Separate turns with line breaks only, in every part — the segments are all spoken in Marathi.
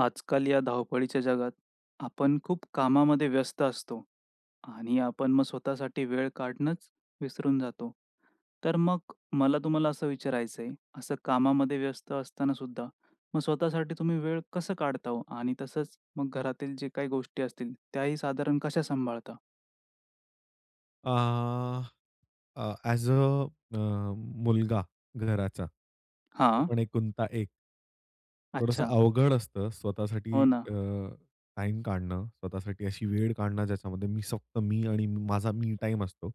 आजकाल या धावपळीच्या जगात, आपण खूप कामामध्ये व्यस्त असतो आणि आपण मग स्वतःसाठी वेळ काढणंच विसरून जातो. तर मग मला तुम्हाला असं विचारायचंय, असं कामामध्ये व्यस्त असताना सुद्धा मग स्वतःसाठी तुम्ही वेळ कसं काढता हो? आणि तसंच मग घरातील जे काही गोष्टी असतील, त्याही साधारण कशा सांभाळता?
अह अ, ॲज अ अ, मुलगा घराचा. तो
हां.
पण एकुलता एक. थोडंसं
अच्छा.
अवघड असतं स्वतःसाठी
हो ना.
अ, टाइम काढणं, स्वतःसाठी अशी वेळ काढणं ज्याच्यामध्ये मी फक्त मी आणि माझा मी टाइम असतो.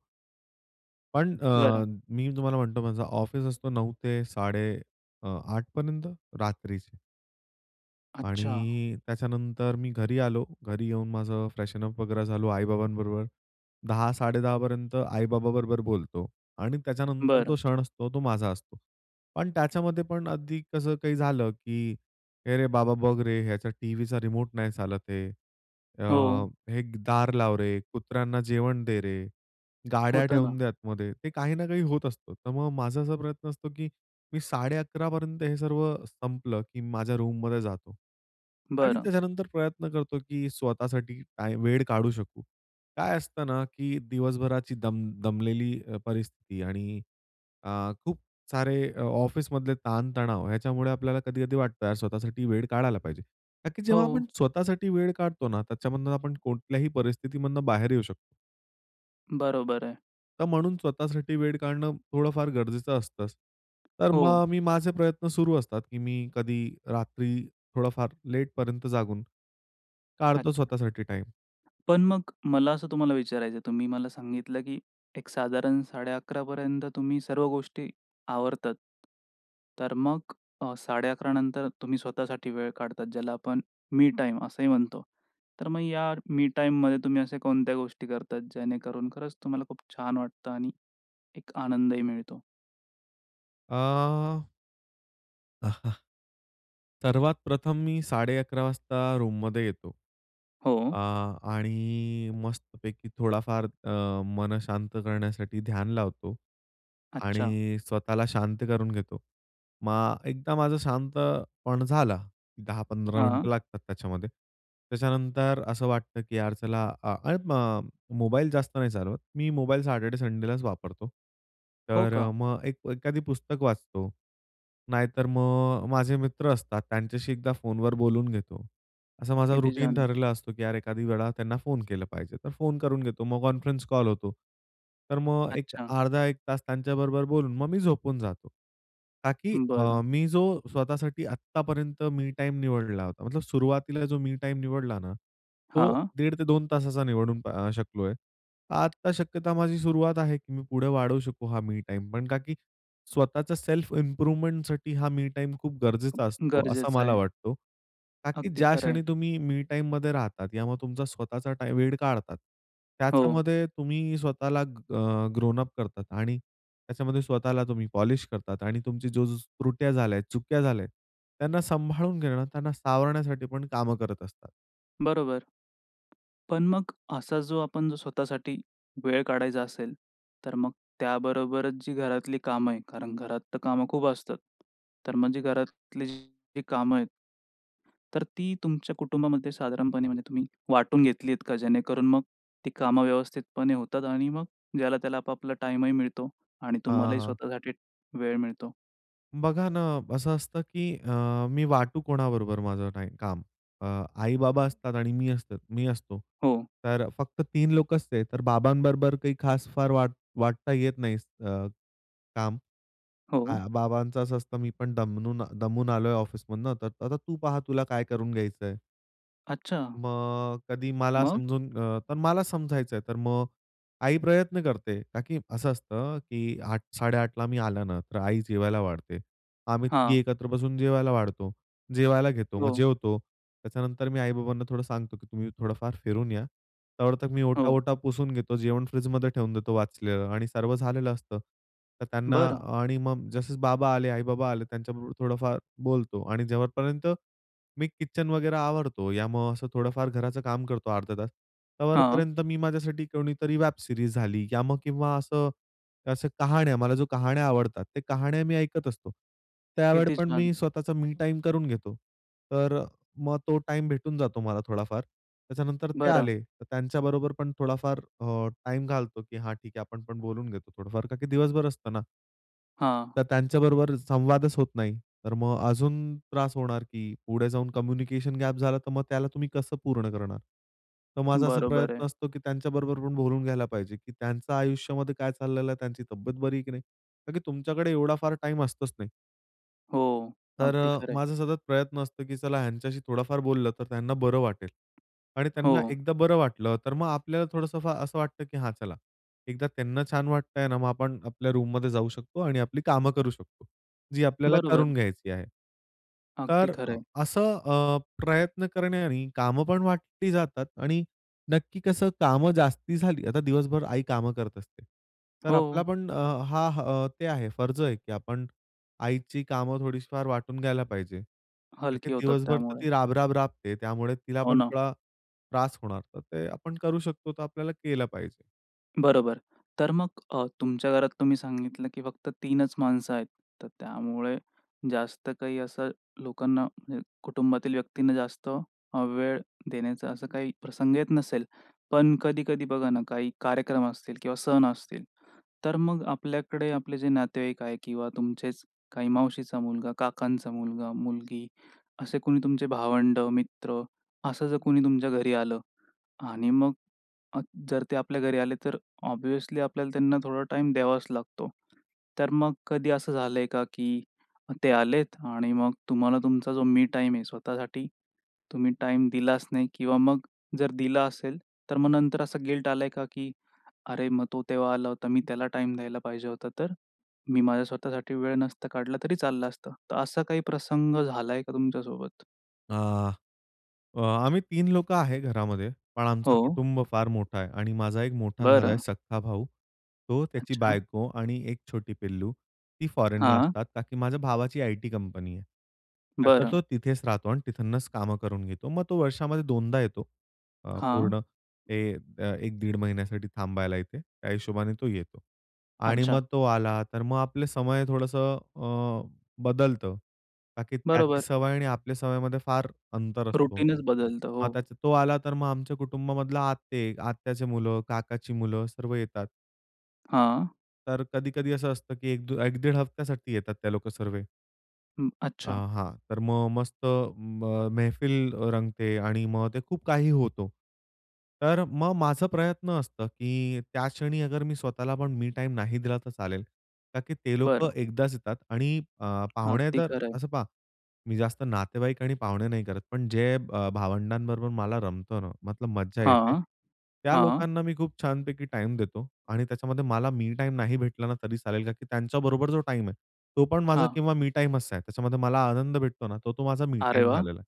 पण अ,
बरं.
मी तुम्हाला म्हणतो माझा ऑफिस असतो 9.00 ते साडे अ, आठपर्यंत रात्रीचे.
अच्छा.
आणि त्याच्यानंतर मी घरी आलो. घरी येऊन माझं फ्रेशन अप वगैरे झालो. आई-बाबांबरोबर 10.00 10.30 पर्यंत आई-बाबांबरोबर बोलतो आणि त्याच्यानंतर तो
बरं.
क्षण असतो, तो माझा असतो. पण त्याच्यामध्ये पण अगदी कसं काही झालं की "ए रे बाबा, बघ रे, ह्याचा टीव्हीचा रिमोट नाही चालत आहे." अ,
हो.
"हे दार लाव रे," "कुत्र्यांना जेवण दे रे," "गाड्या
होतं
ठेवून
ना.
द्या आतमध्ये." ते काही ना काही होत असतं. तर मग माझा असा प्रयत्न असतो की मी 11.30 पर्यंत हे सर्व संपलं, की माझ्या रूममध्ये जातो. आणि
बरं.
त्याच्यानंतर प्रयत्न करतो की स्वतःसाठी टाईम, वेळ काढू शकू. काय असतं ना, की दिवसभराची दम दमलेली अ, परिस्थिती आणि अ, खूप सारे अ, ऑफिसमधले ताण-तणाव ह्याच्यामुळे आपल्याला कधी-कधी वाटतं यार स्वतःसाठी वेळ काढायला पाहिजे. ताकी जेव्हा आपण
हो.
स्वतःसाठी वेळ काढतो ना त्याच्यामधून आपण कोणत्याही परिस्थितीमधून बाहेर येऊ शकतो.
बरोबर आहे.
तर म्हणून स्वतःसाठी वेळ काढणं थोडं फार गरजेचं असतंच तर
हो.
मग मी माझे प्रयत्न सुरु असतात की मी कधी रात्री थोडंफार लेटपर्यंत जागून काढतो
अच्छा.
स्वतःसाठी टाईम.
पण मग मला असं तुम्हाला विचारायचं आहे, तुम्ही मला सांगितलं की एक साधारण 11:30 पर्यंत तुम्ही सर्व गोष्टी आवरतात. तर मग अ, 11:30 नंतरच तुम्ही स्वतःसाठी वेळ काढतात. ज्याला आपण मी टाईम असेही म्हणतो. तर मग या मी टाईम मध्ये तुम्ही अशा कोणत्या गोष्टी करतात, जेणेकरून खरंच तुम्हाला खूप छान वाटतं आणि एक आनंदही मिळतो?
अह. सर्वात प्रथम मी 11:30 वाजता रूममध्ये येतो.
हो.
अ, आणि मस्तपैकी थोडाफार अ, मन शांत करण्यासाठी ध्यान लावतो
अच्छा.
आणि स्वतःला शांत करून घेतो. मग एकदा माझं शांत मन झालं, 10-15
हां.
मिनिटं लागतात त्याच्यामध्ये. त्याच्यानंतर असं वाटतं की यार चला अ, ऐ म मोबाईल जास्त नाही चालवत. मी मोबाईल सॅटर्डे संडेलाच वापरतो.
हो
तर
का?
मग एक एखादं पुस्तक वाचतो. नाहीतर मग माझे मित्र असतात, त्यांच्याशी एकदा फोनवर बोलून घेतो. असं माझा
किती
रूटीन
छान!
ठरलेलं असतं की यार एखाद वेळा त्यांना फोन केला पाहिजे, तर फोन करून घेतो. मग कॉन्फरन्स कॉल होतो. तर मग एक
अच्छा.
अर्धा 1 तास त्यांच्याबरोबर बोलून, मग मी झोपून जातो, का की अ,
बरं.
मी जो स्वतःसाठी आत्तापर्यंत मी टाईम निवडला होता, मतलब सुरुवातीला जो मी टाईम निवडला ना तो
हां.
दीड ते 2 तासाचा निवडून अ, शकलोय. आता शक्यता माझी सुरुवात आहे, की मी पुढे वाढवू शकू हा मी टाईम. पण का की स्वतःच सेल्फ इम्प्रूव्हमेंट हा मी टाईम खूप गरजेचा असतो असं
गरजेचं
मला
आहे.
वाटतं. का की
अगदी
ज्या
खरं आहे.
क्षणी तुम्ही मी टाईममध्ये राहतात, यामुळे तुमचा स्वतःचा टा वेळ काढतात,
हो.
त्याच्यामध्ये तुम्ही स्वतःला अ ग्रोन अप करतात आणि त्याच्यामध्ये स्वतःला तुम्ही पॉलिश करतात आणि तुमची जो जो त्रुट्या झाल्या आहेत, चुका झाल्या आहेत, त्यांना सांभाळून घेणं, त्यांना सावरण्यासाठी पण कामं करत असतात
बरोबर. पण मग असा जो, आपण जो स्वतःसाठी वेळ काढायचा असेल, तर मग त्याबरोबरच जी घरातली कामं आहे, कारण घरात तर कामं खूप असतात तर मग जी घरातली जी कामं आहेत, तर ती तुमच्या कुटुंबामध्ये साधारणपणे, म्हणजे तुम्ही वाटून घेतली आहेत का? जेणेकरून मग ती कामं व्यवस्थितपणे होतात आणि मग ज्याला-त्याला आपापला टाइमही मिळतो आणि
हां,
तुम्हालाही
हां.
स्वतःसाठी वेळ मिळतो.
बघा ना असं असतं की अ, मी वाटू कोणाबरोबर माझं टाई काम? अ, आई-बाबा असतात आणि मी असत मी असतो.
हो.
तर फक्त 3 लोक असते तर बाबांबरोबर काही खास फार वाट वाटता येत नाही अ, काम. अ,
हो.
बाबांच अस असतं "मी पण दमूनन दमून आलोय ऑफिसमधनं तर आता तू पहा तुला काय करून घ्यायचंय."
अच्छा.
मग कधी मला
मग?
समजून अ, तर मला समजायचं आहे. तर मग आई प्रयत्न करते ताकी असं असतं, की 8:00-8:30 ला मी आल्यानंतर आई जेवायला वाढते. आम्ही तिघे
हां.
एकत्र बसून जेवायला वाढतो, जेवायला घेतो, मग
हो.
जेवतो. त्याच्यानंतर मी आई-बाबांना थोडं सांगतो, की तुम्ही थोडं-फार फिरून या तोवर तर मी
हो.
ओटा-वोटा पुसून घेतो, जेवण फ्रिजमध्ये ठेवून देतो, वाचलेलं आणि सर्व झालेलं असतं. तर त्यांना
बरं.
आणि मग जसं बाबा आले, आई-बाबा आले त्यांच्याबरोबर थोडंफार बोलतो आणि जेव्हापर्यंत मी किचन वगैरे आवरतो या मग असं थोडंफार घराचं काम करतो अर्धा तास,
हां.
तोवरपर्यंत मी, माझ्यासाठी कोणीतरी वेब सीरीज झाली या मग किंवा असं अशा कहाण्या, मला जो कहाण्या आवडतात. त्या कहाण्या मी ऐकत असतो त्यावेळी
किती
पण
छान!
मी स्वतःचा मी टाईम करून घेतो. तर मग तो टाईम भेटून जातो मला थोडाफार. त्याच्यानंतर ते
बरं.
आले, तर त्यांच्याबरोबर पण थोडाफार अ, टाईम घालतो, की हा ठीक आहे, आपण पण बोलून घेतो थोडंफार का की दिवसभर असतं ना
हां.
तर त्यांच्याबरोबर संवादच होत नाही. तर मग अजून त्रास होणार, की पुढे जाऊन कम्युनिकेशन गॅप झाला, तर मग त्याला तुम्ही कसं पूर्ण करणार. तर माझा असा
बरोबर आहे.
प्रयत्न असतो, की त्यांच्याबरोबर पण बोलून घ्यायला पाहिजे, की त्यांचं आयुष्यामध्ये काय चाललेलं आहे, त्यांची तब्येत बरी आहे की नाही? का की तुमच्याकडे एवढा फार टाईम असतंच नाही.
हो,
तर
अगदी
अ,
खरं आहे.
माझा सतत प्रयत्न असतो, की चला ह्यांच्याशी थोडाफार बोललं तर त्यांना बरं वाटेल. आणि
हो.
त्यांना एकदा बरं वाटलं, तर मग आपल्याला थोडंसं फा असं वाटतं, की हां, चला एकदा त्यांना छान वाटतंय ना, मग आपण आपल्या रूममध्ये जाऊ शकतो आणि आपली कामं करू शकतो, जी आपल्याला
बरोबर.
करून घ्यायची आहे.
अगदी
तर अ,
खरं आहे.
असं अ, प्रयत्न करण्याने, काम पण वाटली जातात आणि नक्की कसं कामं जास्ती झाली आता दिवसभर आई कामं करत असते, तर आपला
हो.
पण अ, हा ते आहे फर्ज आहे, की आपण आईची कामं थोडीशी फार वाटून घ्यायला पाहिजे. का की
हलकी होतात
दिवसभर तर
त्यामुळे.
ती राब-राब राबते, त्यामुळे तिला
हो,
पण
ना.
थोडा त्रास होणार. तर ते आपण करू शकतो, तर आपल्याला केलं पाहिजे.
बरोबर. तर मग अ, तुमच्या घरात तुम्ही सांगितलं, की फक्त 3च माणसं आहेत. तर त्यामुळे जास्त काही असं लोकांना, म्हणजे कुटुंबातील व्यक्तींना जास्त अ, वेळ देण्याचा असा काही प्रसंग येत नसेल. पण कधी-कधी बघा ना, काही कार्यक्रम असतील किंवा सण असतील, तर मग आपल्याकडे, आपले जे नातेवाईक आहे किंवा तुमचेच काही मावशीचा मुलगा, काकांचा मुलगा, मुलगी असे कोणी तुमचे भावंड, मित्र असं जर कोणी तुमच्या घरी आलं आणि मग अ, जर ते आपल्या घरी आले, तर ऑब्व्हियसली आपल्याला त्यांना थोडा टाईम द्यावाच लागतो. तर मग कधी असं झालंय का? की ते आलेत आणि मग तुम्हाला तुमचा जो मी टाईम आहे, स्वतःसाठी तुम्ही टाईम दिलाच नाही? किंवा मग जर दिला असेल, तर मग नंतर असं गिल्ट आलाय आहे का, की "अरे, मग तो तेव्हा आला होता, मी त्याला टाईम द्यायला पाहिजे होता, तर मी माझ्या स्वतःसाठी वेळ नसता काढला तरी चाललं असतं." तर असा काही प्रसंग झाला आहे का तुमच्यासोबत?
आ, अ, आम्ही 3 लोकं आहे घरामध्ये. पण, आमचं
हो.
कुटुंब फार मोठा आहे आणि माझा एक मोठा दादा आहे,
बरं.
सख्खा भाऊ. तो, त्याची
अच्छा.
बायको आणि एक छोटी पिल्लू, ती फॉरेनला
हां.
असतात. कारण, की माझ्या भावाची आयटी कंपनी आहे. तर,
बरं.
तो तिथेच राहतो आणि तिथूनच कामं करून घेतो. मग, तो वर्षामध्ये दोनदा येतो अ,
हां.
पूर्ण हे एक-दीड महिन्यासाठी थांबायला इथे. त्या हिशोबाने तो येतो. आणि,
अच्छा.
मग तो आला तर, मग आपलं समय थोडंसं अ, बदलतं. बाकीत्याची
बरोबर.
सवय आणि आपल्या सवयींमधे फार अंतर असतो.
रूटीनच बदलतं हो.
मग त्याचा तो आला तर, मग आमच्या कुटुंबामधला आत्ते, आत्याचे मुलं, काकाची मुलं सर्व येतात.
हां.
तर, कधी-कधी असं असतं, की एकदू एक-दीड हफ्त्यासाठी येतात ते लोक सर्व.
हं,
आ,
अच्छा.
हां तर मग मस्त म मैफिल रंगते आणि मग ते खूप काही होतो. तर, मग माझं प्रयत्न असतं, की त्या क्षणी अगरमी स्वतःला पण मी टाईम नाही दिला तर, चालेल. ता की ते लोकं
बरं.
एकदाच येतात आणि अ, पाहुणे
अगदी,
जर,
खरं आहे.
असं पहा मी जास्त नातेवाईक आणि पाहुणे नाही करत. पण, जे ब भावंडांबरोबर मला रमतंना मग तर मज्जा येते,
हां,
त्या
हां.
लोकांना मी खूप छानपैकी टाईम देतो. आणि त्याच्यामध्ये मला मी टाईम नाही भेटलाना तरी चालेल. कारण, की त्यांच्याबरोबर जो टाईम आहे. तो पण, माझा
हां.
किंवा मी टाईमच आहे. त्याच्यामध्ये मला आनंद भेटतोना तो, तो माझा मी
अरे
टाइम
वाह!
झालेला आहे.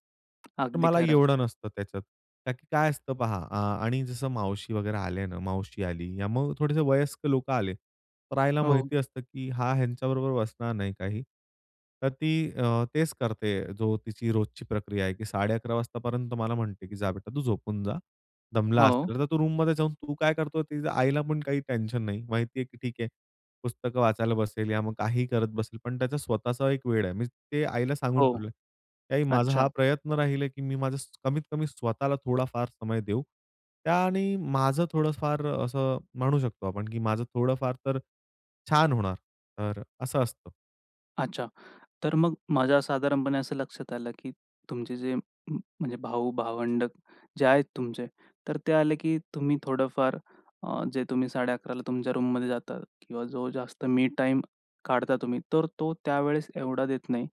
तर,
अगदी
मला
खरं.
एवढं नसतं त्याच्यात. कारण, की काय असतं पहा आ आणि जसं मावशी वगैरे आले ना, मावशी आली मग थोडेसे वयस्कर लोकं आले. तर, आईला
हो.
माहिती असतं, की हा ह्यांच्याबरोबर बसणार नाही काही. तर, ती अ, तेच करते जो तिची रोजची प्रक्रिया आहे, की 11.30 वाजेपर्यंत मला म्हणते, की "जा बेटा तू झोपून जा, दमला
हो.
असेल." तर, तू रूममध्ये जाऊन तू काय करतो ते आईला पण काही टेन्शन नाही माहिती आहे, की ठीक आहे, पुस्तकं वाचायला बसेल, या मग, काहीही करत बसेल. पण, त्याचा स्वतःचा एक वेळ आहे. मी ते आईला सांगून
हो.
ठेवलंय, की आई माझा हा
अच्छा.
प्रयत्न राहील आहे, की मी माझं कमीत-कमी स्वतःला थोडाफार समय देऊ. त्याने माझं थोडं फार असं म्हणू शकतो, आपण की माझं थोडंफार तर छान होणार तर असं असतं.
अच्छा. तर मग माझ्या साधारणपणे असं लक्षात आलं की तुमचे जे म्ह म्हणजे भाऊ-भावंड जे आहेत तुमचे. तर ते आले की तुम्ही थोडंफार अ, जे तुम्ही 11:30ला तुमच्या रूममध्ये जाता किंवा जो जास्त मी टाईम काढता तुम्ही. तर तो त्यावेळेस एवढा देत नाही.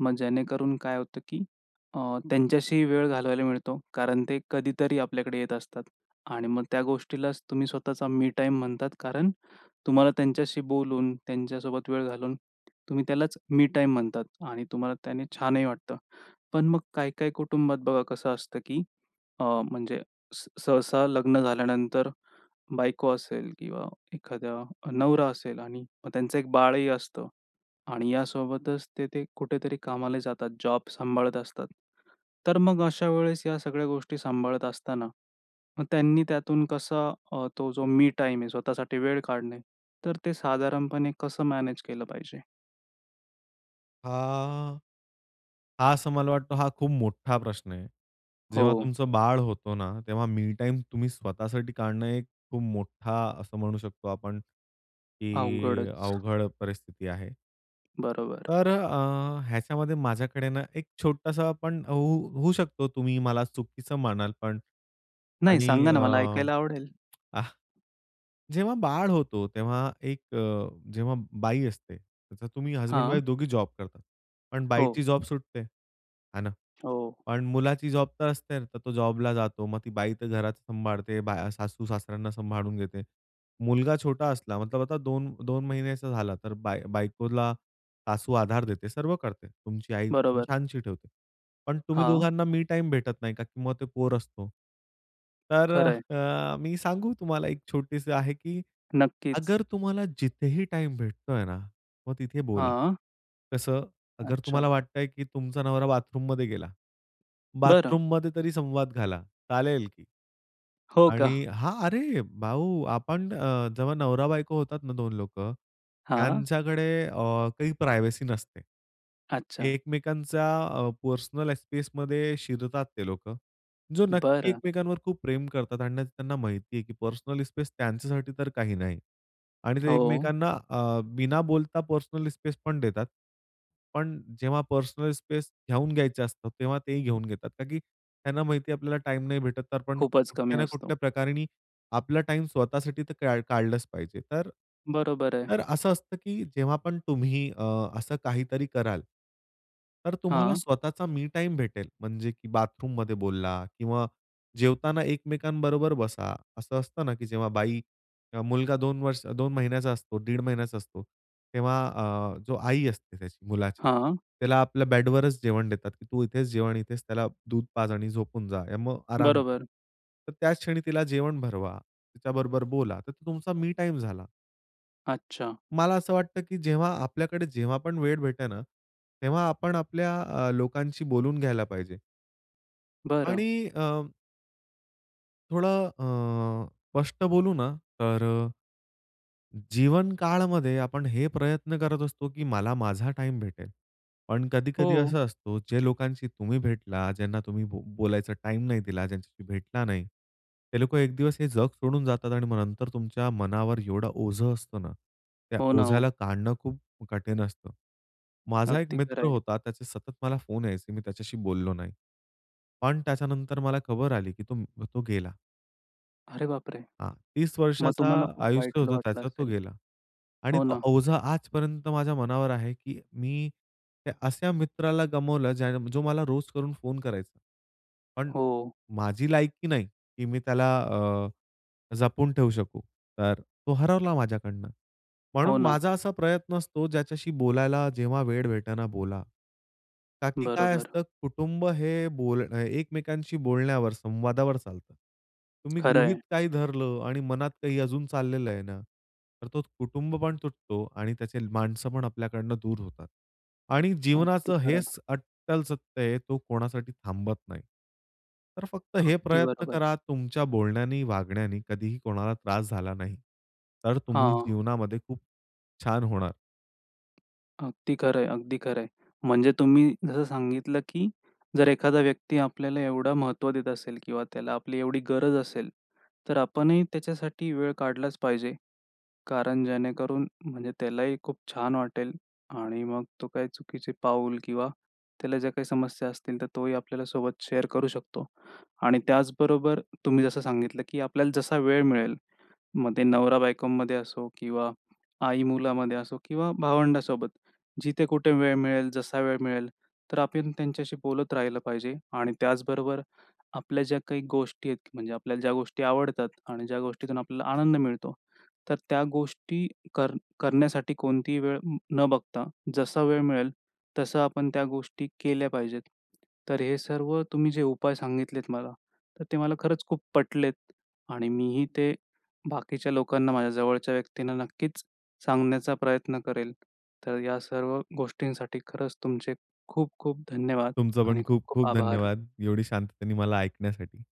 मग जेणेकरून काय होतं की अ, त्यांच्याशी वेळ घालवायला मिळतो. कारण ते कधीतरी आपल्याकडे येत असतात आणि मग त्या गोष्टीलाचं तुम्ही स्वतःचा मी टाईम म्हणतात. कारण तुम्हाला त्यांच्याशी बोलून, त्यांच्यासोबत वेळ घालून तुम्ही त्यालाचं मी टाईम म्हणतात आणि तुम्हाला त्याने छानही वाटतं. पण मग काही काही कुटुंबात बघा कसं असतं, की अ, म्हणजे स सहसा लग्न झाल्यानंतर बायको असेल किंवा एखादा नवरा असेल आणि मग त्यांचं एक बाळही असतं आणि या सोबतचं ते ते कुठेतरी कामाला जातात, जॉब सांभाळत असतात. तर मग अशा वेळेस या सगळ्या गोष्टी सांभाळत असताना मग त्यांनी त्यातून कसा अ, तो जो मी टाईम आहे स्वतःसाठी वेळ काढणे. तर ते साधारणपणे कसं मॅनेज केलं पाहिजे?
आ, हा असं मला वाटतं, हा खूप मोठा प्रश्न आहे. जेव्हा
हो.
तुमचं बाळ होतो ना, तेव्हा मी टाईम तुम्ही स्वतःसाठी काढणं, एक खूप मोठा असं म्हणू शकतो आपण की
अवघडच.
अवघड परिस्थिती आहे.
बरोबर.
तर अ, ह्याच्यामध्ये माझ्याकडे ना, एक छोटासा पण हो होऊ शकतो, तुम्ही मला चुकीचं म्हणाल पण
नाही,
आणि
सांगा
अ,
ना मला ऐकायला आवडेल.
आह, जेव्हा बाळ होतो, तेव्हा एक अ, जेव्हा बाई असते, तर तुम्ही हसबँड
हां.
वाईफ दोघी जॉब करतात. पण
हो.
बाईची जॉब सुटते. हे ना?
हो.
पण मुलाची जॉब तर असते ना, तर तो जॉबला जातो. मग ती बाई तर घरात सांभाळते, बा सासू-सासऱ्यांना सांभाळून घेते. मुलगा छोटा असला मतलब आता 2-2 महिन्याचा झाला तर बाय बायकोला सासू आधार देते. सर्व करते तुमची आई
बरोबर.
छानशी ठेवते. पण तुम्ही
हां.
दोघांना मी टाईम भेटत नाही, का की मग ते पोर असतो. तर
खरं आहे.
अ, मी सांगू तुम्हाला? एक छोटीशी आहे की
नक्कीच.
अगर तुम्हाला जिथेही टाईम भेटतोय ना, मग तिथे बोला,
हां.
कसं? अगर तुम्हाला
अच्छा.
वाटतंय की तुमचा नवरा बाथरूममध्ये गेला,
बरं.
बाथरूममध्ये तरी संवाद घाला, चालेल की
हो का?
आणि हां, अरे भाऊ आपण अ, जेव्हा नवरा-बायको होतात ना 2 लोकं,
हां.
त्यांच्याकडे अ, काही प्रायव्हसी नसते.
अच्छा.
एकमेकांच्या अ, पर्सनल स्पेसमध्ये शिरतात ते लोकं, जो नक्की
बरं.
एकमेकांवर खूप प्रेम करतात आणि त्यांना माहिती आहे की पर्सनल स्पेस त्यांच्यासाठी तर काही नाही आणि ते
हो.
एकमेकांना अ, बिना बोलता पर्सनल स्पेस पण देतात. पण जेव्हा पर्सनल स्पेस घेऊन घ्यायचं असतं, तेव्हा ते ही घेऊन घेतात. का की त्यांना माहिती आहे आपल्याला टाईम नाही भेटत तर आपण
खूपच कमी
कुठल्या ना
असतो.
कुठल्या प्रकाराने आपला टाईम स्वतःसाठी तर का काढलंच पाहिजे. तर
बरोबर आहे.
तर असं असतं की जेव्हा पण तुम्ही अ, असं काहीतरी कराल तर तुम्हाला
हां.
स्वतःचा मी टाईम भेटेल. म्हणजे की बाथरूममध्ये बोलला किंवा जेवताना एकमेकांबरोबर बसा. असं असतं ना की जेव्हा बाई, अ मुलगा 2 वर्ष 2 महिन्याचा असतो, दीड महिन्याचा असतो, तेव्हा अ, जो आई असते त्याची मुलाची,
हां.
त्याला आपल्या बेड वरच जेवण देतात की तू इथेच जेव आणि इथेच त्याला दूध पाज आणि झोपून जा आणि मग आराम कर.
बरोबर.
तर त्याच क्षणी तिला जेवण भरवा, तिच्याबरोबर बोला तर तो तुमचा मी टाईम झाला.
अच्छा.
मला असं वाटतं की जेव्हा आपल्याकडे जेव्हा पण वेळ भेटते ना, तेव्हा आपण आपल्या अ, लोकांशी बोलून घ्यायला पाहिजे.
बरं.
आणि अ थोडा अ, स्पष्ट बोलू ना, तर जीवन काळामध्ये आपण हे प्रयत्न करत असतो की मला माझा टाईम भेटेल. पण कधी-कधी
हो.
असं असतं जे लोकांशी तुम्ही भेटला, ज्यांना तुम्ही बोलायचा टाईम नाही दिला, ज्यांच्याशी भेटला नाही. हे लोकं एक दिवस हे जग सोडून जातात आणि मग नंतर तुमच्या मनावर एवढं ओझं असतं ना. त्या
हो ना.
ओझ्याला
हो.
काढणं खूप कठीण असतं. माझा एक
अगदी खरं
मित्र
आहे.
होता. त्याचे सतत मला फोन यायचे. मी त्याच्याशी बोललो नाही. पण त्याच्यानंतर मला खबर आली की तो तो गेला.
अरे बापरे!
हां. 30
मग
वर्षाचा
तुम्हाला खूप
आयुष्य
वाईट ल
होतं
वाटलं
त्याचं. तो
असेल?
गेला. आणि
हो
तो
ना.
ओझं आजपर्यंत माझ्या मनावर आहे की मी त्या अशा मित्राला गमावलं ज्या जो मला रोज करून फोन करायचा. पण
हो.
माझी लायकी नाही की मी त्याला अ, जपून ठेवू शकू, तर तो हरवला माझ्याकडनं.
हो
म्हणून
ना.
माझा असा प्रयत्न असतो ज्याच्याशी बोलायला जेव्हा वेळ भेटतं ना बोला. का की काय
बरोबर.
असतं कुटुंब हे बोल एकमेकांशी बोलण्यावर संवादावर चालतं. तुम्ही
खरं
गृहीत
आहे.
काही धरलं आणि मनात काही अजून चाललेलं आहे ना, तर तो कुटुंब पण तुटतो. आणि त्याचे माणसं पण आपल्याकडनं दूर होतात. आणि
अगदी
जीवनाचं
खरं.
हेच अट्टल सत्य आहे तो कोणासाठी थांबत नाही. तर फक्त हे
अगदी
प्रयत्न
बरोबर.
करा, तुमच्या बोलण्याने वागण्याने कधीही कोणाला त्रास झाला नाही तर तुम्ही
हां.
जीवनामध्ये खूप छान होणार.
अगदी खरं आहे. अगदी खरं आहे. म्हणजे तुम्ही जसं सांगितलं, की जर एखादा व्यक्ती आपल्याला एवढं महत्त्व देत असेल किंवा त्याला आपली एवढी गरज असेल. तर आपणही त्याच्यासाठी वेळ काढलाचं पाहिजे. कारण जेणेकरून म्हणजे त्यालाही खूप छान वाटेल आणि मग तो काही चुकीचे पाऊल किंवा त्याला ज्या काही समस्या असतील तर तोही आपल्याला सोबत शेअर करू शकतो. आणि त्याचबरोबर तुम्ही जसं सांगितलं, की आपल्याला जसा वेळ मिळेल, मग ते नवरा-बायकोमध्ये असो किंवा आई मुलामध्ये असो किंवा भावंडासोबत. जिथे कुठे वेळ मिळेल, जसा वेळ मिळेल तर आपण त्यांच्याशी बोलत राहिलं पाहिजे. आणि त्याचबरोबर आपल्या ज्या काही गोष्टी आहेत म्हणजे आपल्याला ज्या गोष्टी आवडतात आणि ज्या गोष्टीतून आपल्याला आनंद मिळतो. तर त्या गोष्टी कर करण्यासाठी कोणतीही वेळ न बघता जसा वेळ मिळेल तसं आपण त्या गोष्टी केल्या पाहिजेत. तर हे सर्व तुम्ही जे उपाय सांगितलेत मला. तर ते मला खरंच खूप पटलेत आणि मीही ते बाकीच्या लोकांना, माझ्या जवळच्या व्यक्तींना नक्कीचं सांगण्याचा प्रयत्न करेल. तर या सर्व गोष्टींसाठी खरंच तुमचे खूप-खूप धन्यवाद
तुमचं पण
आणि खूप-खूप
खूप-खूप
आभार.
धन्यवाद. एवढी शांततेने मला ऐकण्यासाठी.